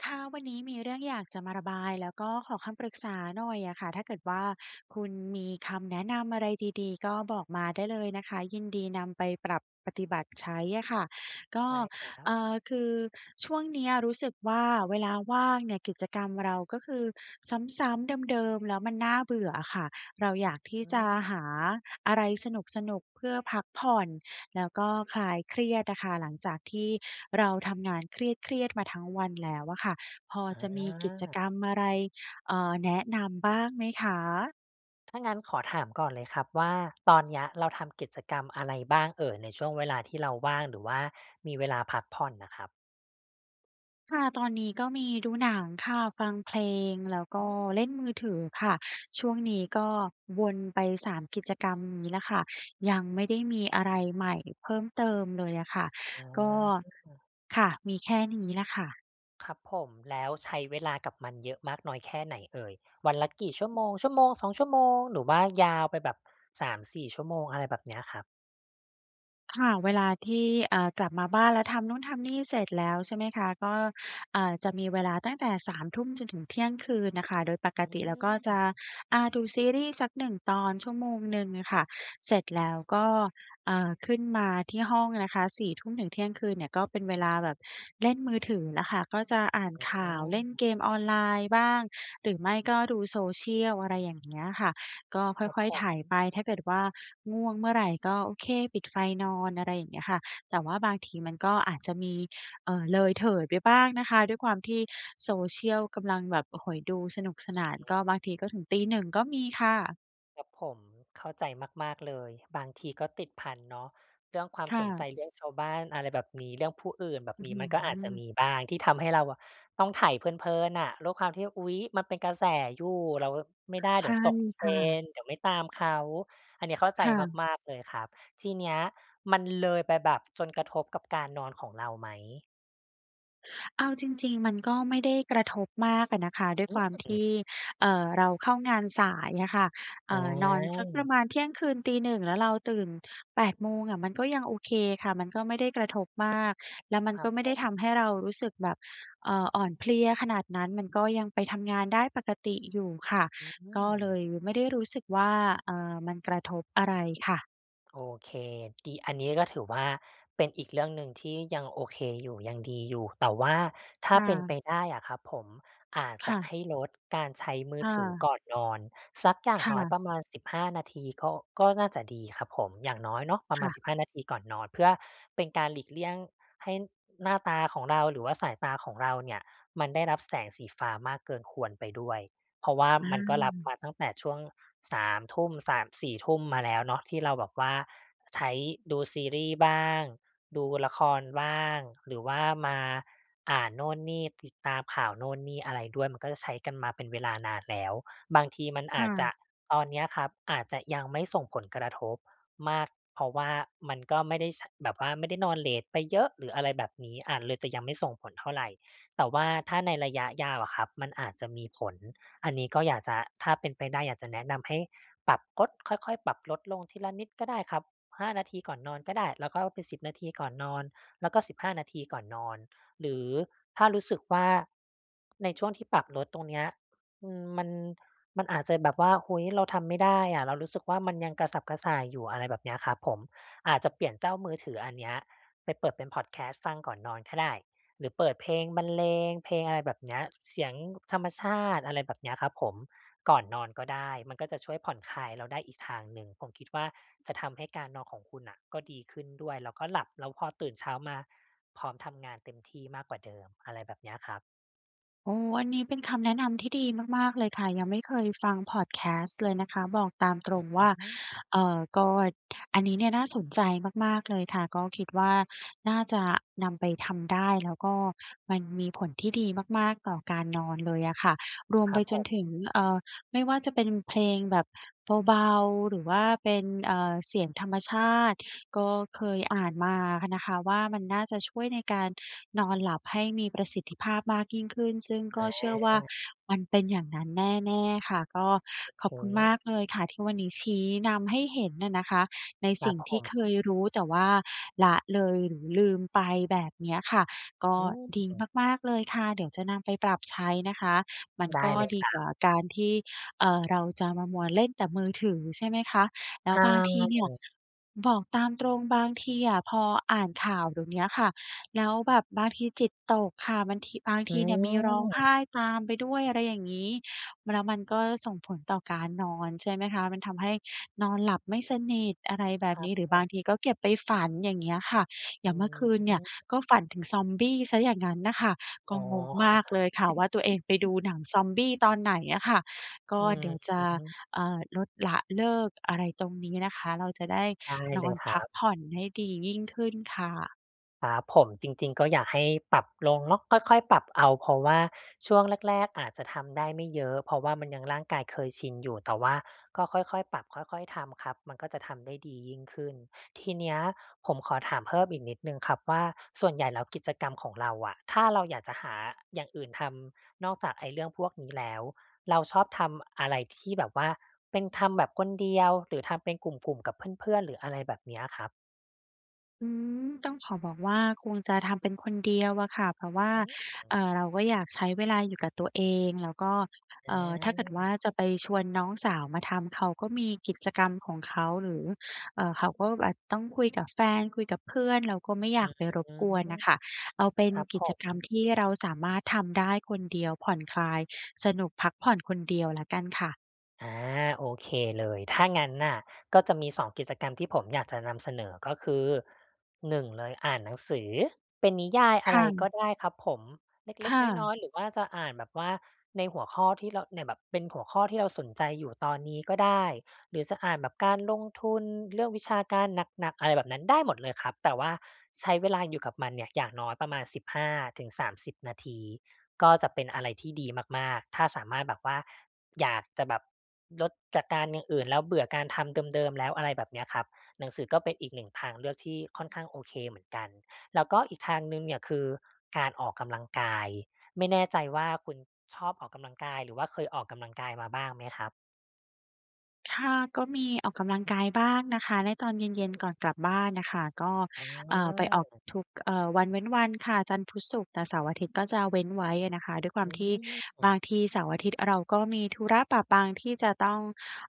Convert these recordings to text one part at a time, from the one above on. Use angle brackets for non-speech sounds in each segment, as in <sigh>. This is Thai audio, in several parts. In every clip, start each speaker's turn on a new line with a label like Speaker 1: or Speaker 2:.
Speaker 1: ค่ะ วันนี้มีเรื่องอยากจะมาระบาย แล้วก็ขอคำปรึกษาหน่อยอะค่ะ ถ้าเกิดว่าคุณมีคำแนะนำอะไรดี ๆ ก็บอกมาได้เลยนะคะ ยินดีนำไปปรับปฏิบัติใช้อะค่ะ ก็
Speaker 2: ได้ครั
Speaker 1: เ
Speaker 2: บ
Speaker 1: อ่อ คือช่วงเนี้ยรู้สึกว่าเวลาว่างเนี่ย กิจกรรมเราก็คือ ซ้ำ ๆ เดิม ๆ แล้วมันน่าเบื่ออะค่ะ เรา อยากที่
Speaker 2: อือ
Speaker 1: จะ
Speaker 2: ฮึ
Speaker 1: หาอะไรสนุก ๆ เพื่อพักผ่อนแล้วก็คลายเครียดอะค่ะ หลังจากที่เราทำงาน เครียด ๆ มาทั้งวันแล้วอะค่ะ พอจะมีกิจ
Speaker 2: อา
Speaker 1: กรรมอะไร อ่า แนะนำบ้างไหมคะ?
Speaker 2: ถ้างั้นขอถามก่อนเลยครับว่า ตอนเนี้ยเราทำกิจกรรม อะไรบ้างเอ่ย? ในช่วงเวลาที่เรา ว่าง หรือว่ามีเวลาพักผ่อนน่ะครับ
Speaker 1: ค่ะ ตอนนี้ก็มีดูหนังค่ะ ฟังเพลง แล้วก
Speaker 2: อ
Speaker 1: ็
Speaker 2: ืม
Speaker 1: เล่นมือถือค่ะ ช่วงนี้ก็วนไป 3 กิจกรรมนี้แหละค่ะ ยังไม่ได้มีอะไรใหม่เพิ่มเติมเลยอะค่ะ
Speaker 2: อา
Speaker 1: ก็
Speaker 2: อือ ๆ
Speaker 1: ค่ะ มีแค่นี้แหละค่ะ
Speaker 2: ครับผม แล้วใช้เวลากับมันเยอะมากน้อยแค่ไหนเอ่ย? วันละกี่ชั่ว
Speaker 1: อืม
Speaker 2: โมง? 1-2 ชั่วโมง หรือว่า ยาวไปแบบ 3-4ชั่วโมง อะไรแบบ เนี้ยครับ
Speaker 1: ค่ะ เวลาที่ อ่า กลับมาบ้าน แล้วทำนู่นทำนี่เสร็จแล้ว ใช่ไหมคะ ก็ อ่า จะมีเวลาตั้งแต่ 21:00 จนถึงเที่ยงคืนน่ะค่ะ โดยปก
Speaker 2: อื
Speaker 1: ติแล้วก็จ
Speaker 2: ม
Speaker 1: ะ อา ดูซีรีส์สัก 1 ตอน ชั่วโมงหนึ่งอะค่ะ เสร็จแล้วก็ อ่า ขึ้นมาที่ห้องนะคะ 22:00 ถึงเที่ยงคืนเนี่ย ก็เป็น เวลาแบบเล่นมือถือแล้วค่ะ ก็จะอ่าน
Speaker 2: อ
Speaker 1: ข่าว เล่นเก
Speaker 2: า
Speaker 1: มออนไลน์บ้าง หรือไม่ก็ดู Social อะไรอย่างเงี้ยค่ะ ก็ค่
Speaker 2: ครับ
Speaker 1: อย
Speaker 2: ผ
Speaker 1: ๆ ไถ
Speaker 2: ม
Speaker 1: ไป ถ้าเกิดว่าง่วงเมื่อไร ก็ โอเค ปิดไฟนอน อะไรอย่างเงี้ยค่ะ แต่ว่าบางทีมันก็อาจจะมี เอ่อ เลยเถิดไปบ้างนะคะ ด้วยความที่ Social กำลังแบบ โอ้โฮ ดูสนุกส
Speaker 2: อ
Speaker 1: น
Speaker 2: ื
Speaker 1: า
Speaker 2: อ
Speaker 1: น
Speaker 2: ฮ
Speaker 1: ก
Speaker 2: ึ
Speaker 1: ็บางทีก็ถึง 01:00 ก็มีค่ะ
Speaker 2: ครับผม เข้าใจมาก ๆ เลย บางทีก็ติดพันเนาะ เรื่องความ
Speaker 1: ค่
Speaker 2: สนใจ
Speaker 1: ะ
Speaker 2: เรื่องชาวบ้าน อะไรแบบนี้ เรื่องผู้อื่นแบบ
Speaker 1: อื้อ
Speaker 2: นี้
Speaker 1: ฮื
Speaker 2: มันก็อาจจะ
Speaker 1: อ
Speaker 2: มีบ้างที่ทำให้เราอะต้องไถเพลิน ๆ น่ะ ด้วยความที่ อุ๊ย มันเป็นกระแสอยู่ เรา อ ไม่ได้
Speaker 1: ใช
Speaker 2: เดี๋
Speaker 1: ่
Speaker 2: ยวตก
Speaker 1: ค่ะ
Speaker 2: trend เดี๋ยวไม่ตามเขา อันเนี้ยเข้าใ
Speaker 1: ค
Speaker 2: จ
Speaker 1: ่ะ
Speaker 2: มาก ๆ เลยครับ ทีเนี้ยมันเลยไปแบบจนกระทบกับการนอนของเราไหม?
Speaker 1: เอาจริง ๆ มันก็ไม่ได้กระทบมากอะนะคะ ด้วย
Speaker 2: อื
Speaker 1: ความท
Speaker 2: ม
Speaker 1: ี่ เอ่อ เราเข้างานสายอะค่ะ เอ
Speaker 2: อ๋
Speaker 1: ่อ นอนสักประ
Speaker 2: อ
Speaker 1: มาณเที่ยงคืน ตี 1 แล้วเราตื่น 8 โมงอะ มันก็ ยังโอเคค่ะ มันก็ไม่ได้กระทบมาก แล้วมัน
Speaker 2: คร
Speaker 1: ก
Speaker 2: ั
Speaker 1: ็
Speaker 2: บ
Speaker 1: ไม่
Speaker 2: ผ
Speaker 1: ได้
Speaker 2: ม
Speaker 1: ทำให้เรารู้สึกแบบ เอ่อ อ่อนเพลียขนาดนั้น มันก็ยังไปทำงานได้ปกติอยู่ค่ะ
Speaker 2: อื
Speaker 1: ก็เล
Speaker 2: ม
Speaker 1: ยไม่ได้รู้สึกว่า เอ่อ มันกระทบอะไรค่ะ
Speaker 2: โอเค ดี อันนี้ก็ถือว่า เป็นอีกเรื่องหนึ่งที่ยังโอเคอยู่ ยังดีอยู่ แต่ว่าถ้า
Speaker 1: ค่
Speaker 2: เป็นไป
Speaker 1: ะ
Speaker 2: ได้อะครับผม อาจ
Speaker 1: ค
Speaker 2: จ
Speaker 1: ่
Speaker 2: ะ
Speaker 1: ะ
Speaker 2: ให้ลดการใช้มื
Speaker 1: ค
Speaker 2: อ
Speaker 1: ่
Speaker 2: ถือ
Speaker 1: ะ
Speaker 2: ก่อนนอนสักอย่า
Speaker 1: ค
Speaker 2: ง
Speaker 1: ่
Speaker 2: น้อย
Speaker 1: ะ
Speaker 2: ประมาณ 15 นาทีก็ ก็น่าจะดีครับผม อย่างน้อยเนาะประ
Speaker 1: ค
Speaker 2: ม
Speaker 1: ่
Speaker 2: าณ
Speaker 1: ะ
Speaker 2: 15 นาทีก่อนนอน เพื่อเป็นการหลีกเลี่ยงให้หน้าตาของเราหรือว่า สายตาของเราเนี่ยมันได้รับ แสงสีฟ้ามากเกินควรไปด้วย เพราะว่า
Speaker 1: อื
Speaker 2: มันก็รับ
Speaker 1: ม
Speaker 2: มาตั้งแต่ช่วง 3 ทุ่ม 3-4 ทุ่มมาแล้วเนาะ ที่เราแบบว่าใช้ดูซีรีส์บ้าง ดูละครบ้าง หรือว่ามาอ่านโน่นนี่ ติดตามข่าวโน่นนี่อะไรด้วย มันก็จะใช้กันมาเป็นเวลา นานแล้ว บางทีมัน
Speaker 1: ค
Speaker 2: อ
Speaker 1: ่
Speaker 2: าจจะ
Speaker 1: ะ
Speaker 2: ตอนเนี้ยครับอาจจะยังไม่ ส่งผลกระทบมาก เพราะว่ามันก็ไม่ได้ช่ะ แบบว่าไม่ได้นอนเลตไปเยอะหรืออะไรแบบนี้ อา เลยจะยังไม่ส่งผลเท่าไร แต่ว่าถ้าในระยะยาวอะครับมันอาจจะมีผล อันนี้ก็อยากจะ ถ้าเป็นไปได้อยากจะแนะนำให้ปรับลด ค่อย ๆ ปรับลดลงทีละนิดก็ได้ครับ 5 นาทีก่อนนอนก็ได้ แล้วก็เอาเป็น 10 นาทีก่อนนอน แล้วก็ 15 นาทีก่อนนอน หรือถ้ารู้สึกว่า ในช่วงที่ปรับลดตรงเนี้ย อืม มัน มันอาจจะแบบว่า เฮ้ย เราทำไม่ได้อะ เรารู้สึกว่า มันยัง กระสับกระส่ายอยู่ อะไรแบบเนี้ยครับผม อาจจะเปลี่ยน เจ้ามือถืออันเนี้ยไปเปิดเป็นพอดแคสต์ฟังก่อนนอนก็ได้ หรือเปิดเพลงบรรเลง เพลงอะไรแบบเนี้ย เสียง ก ธรรมชาติ อะไรแบบเนี้ยครับผม ก่อนนอนก็ได้ มันก็จะช่วยผ่อนคลายเราได้อีกทางหนึ่ง ผมคิดว่า จะ ทำให้การนอนของคุณน่ะก็ดีขึ้นด้วย แล้วก็หลับ แล้วพอตื่นเช้ามา พร้อมทำงานเต็มที่มากกว่าเดิมอะไร แบบเนี้ยครับ
Speaker 1: โอ้ อันนี้เป็นคำแนะนำที่ดีมาก ๆ เลยค่ะ ยังไม่เคยฟังพอดแคสต์เลยนะคะ บอกตามตรงว่า
Speaker 2: <unintelligible>
Speaker 1: เอ่อ ก็ อันนี้เนี่ยน่าสนใจมาก ๆ เลยค่ะ ก็คิดว่า น่าจะนำไปทำได้ แล้วก็มันมีผลที่ดีมาก ๆ ต่อการนอนเลยอะค่ะ รวม
Speaker 2: คร
Speaker 1: ไ
Speaker 2: ั
Speaker 1: ป
Speaker 2: บ
Speaker 1: จ
Speaker 2: ผ
Speaker 1: นถึง
Speaker 2: ม
Speaker 1: เอ่อ ไม่ว่าจะเป็นเพลงแบบเบา ๆ หรือว่าเป็น เอ่อ เสียงธรรมชาติ ก็เคยอ่านมาค่ะนะคะว่า มันน่าจะช่วยในการนอนหลับให้มีประสิทธิภาพมากยิ่งขึ้น ซึ่งก็
Speaker 2: อ
Speaker 1: เชื่อว่า
Speaker 2: า
Speaker 1: มันเป็นอย่างนั้นแน่ ๆ ค่ะ ก็
Speaker 2: โอ
Speaker 1: ข
Speaker 2: เ
Speaker 1: อ
Speaker 2: ค
Speaker 1: บคุณมากเลยค่ะที่วันนี้ชี้นำให้เห็นน่ะนะคะใน
Speaker 2: คร
Speaker 1: ส
Speaker 2: ั
Speaker 1: ิ่
Speaker 2: บ
Speaker 1: ง
Speaker 2: ผ
Speaker 1: ที่เค
Speaker 2: ม
Speaker 1: ยรู้ แต่ว่าละเลย หรือลืมไปแบบเนี้ยค่ะ ก็
Speaker 2: อื
Speaker 1: ดี
Speaker 2: ม
Speaker 1: มาก ๆ เลยค่ะ เดี๋ยวจะนำไปปรับใช้นะคะ มัน
Speaker 2: ได
Speaker 1: ก
Speaker 2: ้
Speaker 1: ็
Speaker 2: เลย
Speaker 1: ด
Speaker 2: ค
Speaker 1: ี
Speaker 2: รั
Speaker 1: กว
Speaker 2: บ
Speaker 1: ่าการที่ เอ่อ เราจะมามัวเล่นแต่มือถือ ใช่ไหมคะ? แล
Speaker 2: ใช
Speaker 1: ้วบางทีเนี่ย
Speaker 2: ่
Speaker 1: บอกตามตรงบางทีอะพออ่านข่าวเดี๋ยวเนี้ยค่ะ แล้วแบบบางทีจิตตกค่ะ มันทิ บาง
Speaker 2: อ
Speaker 1: ท
Speaker 2: ื
Speaker 1: ีเนี่ยมีร้องไห
Speaker 2: ม
Speaker 1: ้ตามไปด้วย อะไรอย่างงี้ แล้วมันก็ส่งผลต่อการนอน ใช่ไหมคะ? มันทำให้นอนหลับไม่สนิท อะไรแบ
Speaker 2: ค
Speaker 1: บ
Speaker 2: รั
Speaker 1: นี
Speaker 2: บ
Speaker 1: ้ หรือ
Speaker 2: ผ
Speaker 1: บา
Speaker 2: ม
Speaker 1: งทีก็เก็บไปฝัน อย่างเงี้ยค่ะ อ
Speaker 2: อ
Speaker 1: ย
Speaker 2: ื
Speaker 1: ่างเมื่อคืนเนี่ย
Speaker 2: ม
Speaker 1: ก็ฝันถึงซอมบี้เสียอย่างงั้นน่ะค่ะ ก
Speaker 2: อ๋
Speaker 1: ็
Speaker 2: อ
Speaker 1: งงมากเลยค่ะว่า ตัวเองไปด
Speaker 2: <chuckles>
Speaker 1: ูหนังซอมบี้ตอนไหนอะค่ะ ก็
Speaker 2: อืม
Speaker 1: เดี๋ยวจ
Speaker 2: อ
Speaker 1: ะ
Speaker 2: ือฮึ
Speaker 1: เอ่อ ลด ละ เลิก อะไรตรงนี้นะคะ เราจะได้
Speaker 2: ได้
Speaker 1: น
Speaker 2: เ
Speaker 1: อ
Speaker 2: ลย
Speaker 1: น
Speaker 2: ค
Speaker 1: พ
Speaker 2: ร
Speaker 1: ั
Speaker 2: ั
Speaker 1: ก
Speaker 2: บ
Speaker 1: ผ่อนให้ดียิ่งขึ้นค่ะ
Speaker 2: ครับผม จริง ๆ ก็อยากให้ปรับลงเนาะ ค่อย ๆ ปรับเอา เพราะว่าช่วงแรก ๆ อาจจะทำได้ไม่เยอะ เพราะว่ามันยัง ร่างกายเคยชินอยู่ แต่ว่าก็ค่อย ๆ ปรับค่อย ๆ ทำครับ มันก็จะทำได้ดียิ่งขึ้น ทีเนี้ยผมขอถามเพิ่มอีกนิดหนึ่งครับว่า ส่วนใหญ่แล้ว กิจกรรมของเราอะ ถ้าเราอยากจะหา อ อย่างอื่นทำ นอกจากไอ้เรื่องพวกนี้ แล้ว เราชอบทำอะไรที่แบบว่าเป็น ทำแบบคนำเดียว หรือทำเป็นกลุ่ม ๆ กับเพื่อน ๆ หรืออะไรแบบ เนี้ยครับ
Speaker 1: อืม ต้องขอบอกว่า คงจะทำเป็นคน เดียวอะค่ะ เพราะว่า
Speaker 2: อ
Speaker 1: เ
Speaker 2: ือ
Speaker 1: อ่อ เราก็ อยากใช้เวลาอยู่กับตัวเอง แล้วก็ เอ่อ ถ้าเกิด
Speaker 2: อ
Speaker 1: ว
Speaker 2: า
Speaker 1: ่าจะไปชวนน้องสาวมาทำ เขาก็มีกิจกรรมของเขา หรือ เอ่อ เขาก็แหวดต้องคุยกับแฟน คุยกับเพื่อน เราก็ไม่อย
Speaker 2: อ
Speaker 1: า
Speaker 2: ื
Speaker 1: กไปรบกวนน่
Speaker 2: ม
Speaker 1: ะค่ะ เอาเป็น
Speaker 2: ครับ
Speaker 1: กิ
Speaker 2: ผ
Speaker 1: จ
Speaker 2: ม
Speaker 1: กรรมที่เราสามารถทำได้คนเดียว ผ่อนคลาย สนุกพักผ่อน คนเดียวแล้วกันค่ะ
Speaker 2: อา โอเคเลย ถ้างั้นน่ะก็จะมี 2 กิจกรรมที่ผมอยากจะนำเสนอ ก็คือ 1 เลยอ่านหนังสือเป็นนิยาย
Speaker 1: ค
Speaker 2: อะไ
Speaker 1: ่
Speaker 2: ร
Speaker 1: ะ
Speaker 2: ก็ได้ครับผม เ
Speaker 1: ค
Speaker 2: ล็ก
Speaker 1: ่
Speaker 2: ๆ น
Speaker 1: ะ
Speaker 2: ้อย ๆ หรือว่าจะอ่านแบบว่า ในหัวข้อที่เราเนี่ย แบบเป็นหัวข้อที่เราสนใจอยู่ตอนนี้ก็ได้ หรือจะอ่านแบบ การลงทุน เรื่องวิชาการหนัก ๆ อะไรแบบนั้น ได้หมดเลยครับ แต่ว่าใช้เวลาอยู่กับมันเนี่ยอย่างน้อยประมาณ 15-30 นาที ก็จะเป็นอะไรที่ดีมาก ๆ ถ้าสามารถแบบว่า อยากจะแบบลดจากการอย่างอื่น แล้วเบื่อการทำเดิม ๆ แล้ว อะไรแบบเนี่ยครับ หนังสือก็เป็นอีกหนึ่งทางเลือกที่ค่อนข้างโอเคเหมือนกัน แล้วก็ อีกทางหนึ่งเนี่ยคือ การออกกำลังกาย ไม่แน่ใจว่า คุณชอบออกกำลังกาย หรือว่าเคยออกกำลังกายมาบ้างไหมครับ?
Speaker 1: ค่ะ ก็มีออกกำลังกายบ้างนะคะ ในตอนเ
Speaker 2: อ
Speaker 1: ย
Speaker 2: ื
Speaker 1: ็น ๆ
Speaker 2: ม
Speaker 1: ก่อนกลับบ้านน่ะค่ะ ก็
Speaker 2: อ๋
Speaker 1: อ่า ไปออก
Speaker 2: อ
Speaker 1: ทุก เอ่อ วันเว้นวันค่ะ จันทร์ พุธ ศุกร์ แต่เสาร์อาทิตย์ก็จะเว้นไว้อะนะคะ ด้วยคว
Speaker 2: อ
Speaker 1: าม
Speaker 2: ื
Speaker 1: ที่บา
Speaker 2: ม
Speaker 1: งทีเสาร์อาทิตย์เราก็มีธุระปะปัง ที่จะต้อง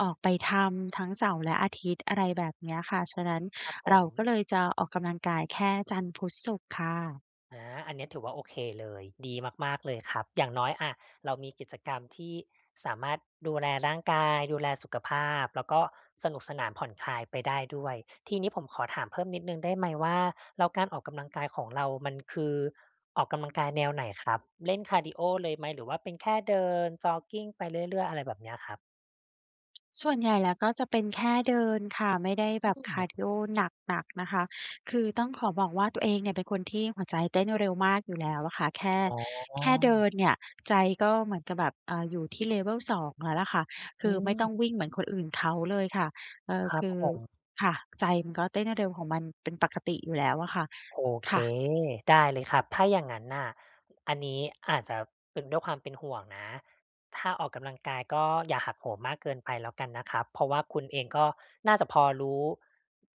Speaker 1: ออกไปทำทั้งเสาร์และอาทิตย์ อะไรแบบเนี้ยค่ะ ฉะนั้น
Speaker 2: ครับผ
Speaker 1: เราก็
Speaker 2: ม
Speaker 1: เลยจะออกกำลังกายแค่จันทร์ พุธ ศุกร์ค่ะ
Speaker 2: อา อันเนี้ยถือว่าโอเคเลย ดีมาก ๆ เลยครับ อย่างน้อย อะ เรามีกิจกรรมที่สามารถดูแลร่างกาย ดูแลสุขภาพ แล้วก็สนุกสนานผ่อนคลายไปได้ด้วย ทีนี้ผมขอถามเพิ่มนิดหนึ่งได้ไหมว่า แล้วการออกกำลังกายของเรา มันคือออกกำลังกายแนวไหนครับ? เล่นคาร์ดีโอเลยไหม หรือว่าเป็นแค่เดินจ็อกกิงไปเรื่อย ๆ อะไรแบบเนี้ยครับ?
Speaker 1: ส่วนใหญ่แล้วก็จะเป็นแค่เดินค่ะ ไม่ได้
Speaker 2: อ
Speaker 1: แ
Speaker 2: ื
Speaker 1: บบคาร์ด
Speaker 2: ม
Speaker 1: ีโอหนัก ๆ นะคะ คือต้องขอบอกว่า ตัวเองเนี่ยเป็นคนที่หัวใจเต้นเร็วมากอยู่แล้วอะค่ะ แค่
Speaker 2: อ๋อ
Speaker 1: แค่เดินเนี่ย ใจก็เหมือนกับแบบ อ่า อยู่ที่ Level 2 แล้วล่ะค่ะ ค
Speaker 2: อ
Speaker 1: ือไม่ต้
Speaker 2: ืม
Speaker 1: องวิ่งเหมือนคนอื่นเขาเลยค่ะ เอ่อ
Speaker 2: คร
Speaker 1: ค
Speaker 2: ับ
Speaker 1: ือ
Speaker 2: ผม
Speaker 1: ค่ะ ใจมันก็เต้นเร็วของมันเป็นปกติอยู่แล้วอะค่ะ
Speaker 2: โอ
Speaker 1: ค
Speaker 2: เค
Speaker 1: ่ะ
Speaker 2: ได้เลยครับ ถ้าอย่างงั้นน่ะ อันนี้อาจจะเป็น ด้วยความเป็นห่วงนะ ถ้าออกกำลังกาย ก็อย่าหักโหมมากเกินไปแล้วกันนะครับ เพราะว่าคุณเองก็น่าจะพอรู้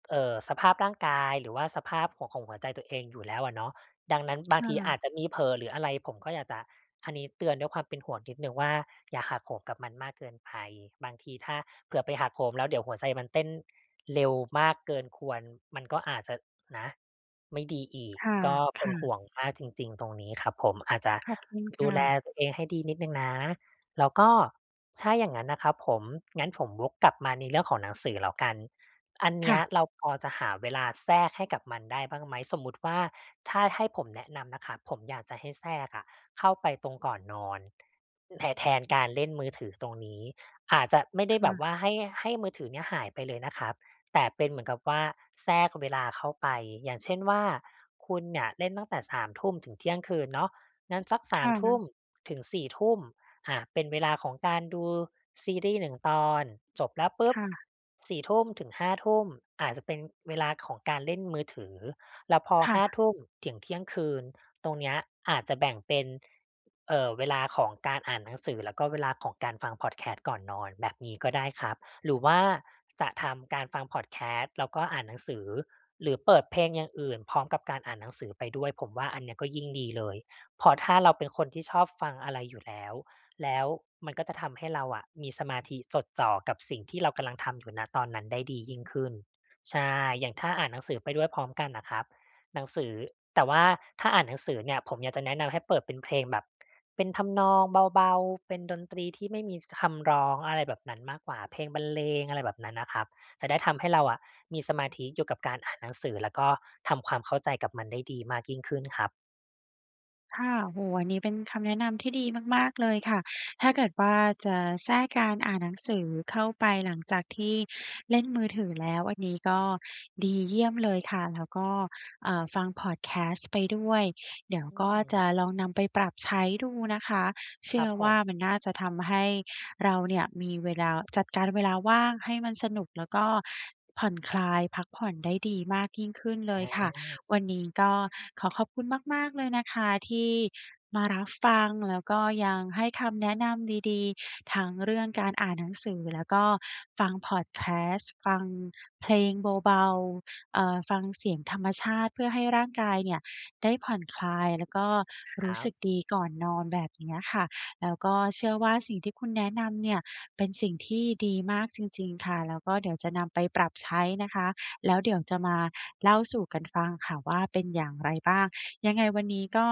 Speaker 2: เอ่อ สภาพร่างกาย หรือว่าสภาพของ ของหัวใจตัวเองอยู่แล้วอะเนาะ ดังนั้นบ
Speaker 1: ค
Speaker 2: าง
Speaker 1: ่
Speaker 2: ทีอ
Speaker 1: ะ
Speaker 2: าจจะมีเผลอหรืออะไร ผมก็อยากจะ อันนี้เตือนด้วยความเป็นห่วงนิดหนึ่งว่า อย่าหักโหมกับมันมากเกินไป บางทีถ้าเผื่อไปหักโหม แล้วเดี๋ยวหัวใจมันเต้นเร็วมากเกินควร มันก็อาจจะนะ ไม่ดีอีก
Speaker 1: ค่ะ
Speaker 2: ก็เ
Speaker 1: ค
Speaker 2: ป็
Speaker 1: ่
Speaker 2: น
Speaker 1: ะ
Speaker 2: ห่วงมากจริง ๆ ตรงนี้ครับผม อาจจะ
Speaker 1: ขอบคุณ
Speaker 2: ด
Speaker 1: ค
Speaker 2: ู
Speaker 1: ่
Speaker 2: แล
Speaker 1: ะ
Speaker 2: ตัวเองให้ดีนิดหนึ่งนะ แล้วก็ถ้าอย่างงั้นนะครับผม งั้นผมวกกลับมาในเรื่องของหนังสือแล้วกัน อันเน
Speaker 1: ค
Speaker 2: ี
Speaker 1: ่
Speaker 2: ้ย
Speaker 1: ะ
Speaker 2: เราพอจะหาเวลาแทรกให้กับมันได้บ้างไหม? สมมุติว่าถ้าให้ผมแนะนำนะครับ ผมอยากจะให้แทรกอะ เข้าไปตรงก่อนนอน แท แทนการเล่นมือถือตรงนี้ อาจจะไม่ไ
Speaker 1: ค
Speaker 2: ด้แบ
Speaker 1: ่
Speaker 2: บ
Speaker 1: ะ
Speaker 2: ว่า ให้ ให้มือถือเนี่ยหายไปเลยนะครับ แต่เป็นเหมือนกับว่าแทรกเวลาเข้าไป อย่างเช่นว่า คุณเนี่ยเล่นตั้งแต่ 21:00 ถึงเที่ยงคืนเนาะ งั้นสัก ส
Speaker 1: ค
Speaker 2: าม
Speaker 1: ่
Speaker 2: ทุ่ม
Speaker 1: ะ
Speaker 2: ถึงสี่ทุ่ม อา เป็นเวลาของการดูซีรีส์ 1 ตอน จบแล้วปุ
Speaker 1: ค
Speaker 2: ๊บ
Speaker 1: ่ะ
Speaker 2: 22:00-23:00 อาจจะเป็นเวลาของการเล่นมือถือ แล้วพอ
Speaker 1: ค่
Speaker 2: ห้า
Speaker 1: ะ
Speaker 2: ทุ่ม ถึงเที่ยงคืน ตรงเนี้ยอาจจะแบ่งเป็น เอ่อ เวลาของการอ่านหนังสือ แล้วก็เวลาของการฟังพอดแคสต์ก่อนนอน แบบนี้ก็ได้ครับ หรือว่าจะทำการฟังพอดแคสต์ แล้วก็อ่านหนังสือ หรือเปิดเพลงอย่างอื่นพร้อมกับการอ่านหนังสือไปด้วย ผมว่าอันเนี้ยก็ยิ่งดีเลย เพราะถ้าเราเป็นคนที่ชอบฟังอะไรอยู่แล้ว แล้วมันก็จะทำให้เราอะมีสมาธิจดจ่อกับสิ่งที่เรากำลังทำอยู่ ณ ตอนนั้นได้ดียิ่งขึ้น ใช่ อย่างถ้าอ่านหนังสือไปด้วยพร้อมกันอะครับ หนังสือ แต่ว่าถ้าอ่านหนังสือเนี่ยผมอยากจะแนะนำให้เปิดเป็นเพลงแบบ เป็นทำนองเบา ๆ เป็นดนตรีที่ไม่มี ช คำร้อง อะไรแบบนั้นมากกว่า เพลงบรรเลง อะไรแบบนั้นนะครับ จะได้ทำให้เราอะมีสมาธิอยู่กับการอ่านหนังสือ แล้วก็ทำความเข้าใจกับมันได้ดีมากยิ่งขึ้นครับ
Speaker 1: ค่ะ โอ้โฮ อันนี้เป็นคำแนะนำที่ดีมาก ๆ เลยค่ะ ถ้าเกิดว่าจะแทรกการอ่านหนังสือเข้าไป หลังจากที่เล่นมือถือแล้ว อันนี้ก็ดีเยี่ยมเลยค่ะ แล้วก็ อ่า ฟังพอดแคสต์ไปด้วย เดี๋ยวก็จ
Speaker 2: อือ
Speaker 1: ะลองนำไปปรับใช้ดูนะคะ เช
Speaker 2: ค
Speaker 1: ื
Speaker 2: ร
Speaker 1: ่
Speaker 2: ั
Speaker 1: อ
Speaker 2: บผ
Speaker 1: ว่า
Speaker 2: ม
Speaker 1: มันน่าจะทำให้เราเนี่ยมีเวลา จัดการเวลาว่างให้มันสนุกแล้วก็ผ่อนคลาย พักผ่อนได้ดีมากยิ่งขึ้นเล
Speaker 2: อ
Speaker 1: ยค่ะ
Speaker 2: า
Speaker 1: วันนี้ก็ขอขอบคุณมาก ๆ เลยนะคะที่มารับฟัง แล้วก็ยังให้คำแนะนำดี ๆ ทั้งเรื่องการอ่านหนังสือแล้วก็ฟังพอดแคสต์ ฟังเพลงเบา ๆ เอ่อ ฟังเสียงธรรมชาติ พื่อให้ร่างกานเนี่ยได้ผ่อนคลายแล้วก็
Speaker 2: ค
Speaker 1: ร
Speaker 2: ร
Speaker 1: ู้
Speaker 2: ั
Speaker 1: สึ
Speaker 2: บ
Speaker 1: กดีก่อนนอน แบบเนี้ยค่ะ แล้วก็เชื่อว่า สิ่งที่คุณแนะนำเนี่ยเป็นสิ่งที่ดีมากจริง ๆ ค่ะ แล้วก็เดี๋ยวจะนำไปปรับใช้นะคะ แล้วเดี๋ยวจะมาเล่าสู่กันฟังค่ะว่าเป็นอย่างไรบ้าง ยังไงวันนี้ก็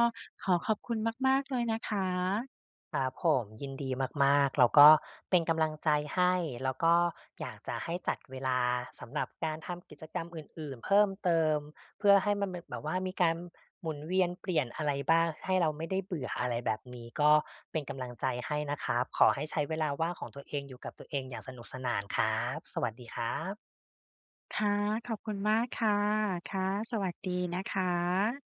Speaker 1: ขอขอบคุณมาก ๆ เลยนะคะ
Speaker 2: ครับผม ยินดีมาก ๆ เรา ก็เป็นกำลังใจให้ แล้วก็อยากจะให้จัดเวลาสำหรับการทำกิจกรรมอื่น ๆ เพิ่มเติม เพื่อให้มันเมะ แบบว่ามีการหมุนเวียนเปลี่ยนอะไรบ้าง ให้เราไม่ได้เบื่อ อะไรแบบนี้ ก็เป็นกำลังใจให้นะครับ ขอให้ใช้เวลาว่างของตัวเอง อยู่กับตัวเองอย่างสนุกสนาน ครับ สวัสดีครับ
Speaker 1: ค่ะ ขอบคุณมากค่ะ ค่ะ สวัสดีนะคะ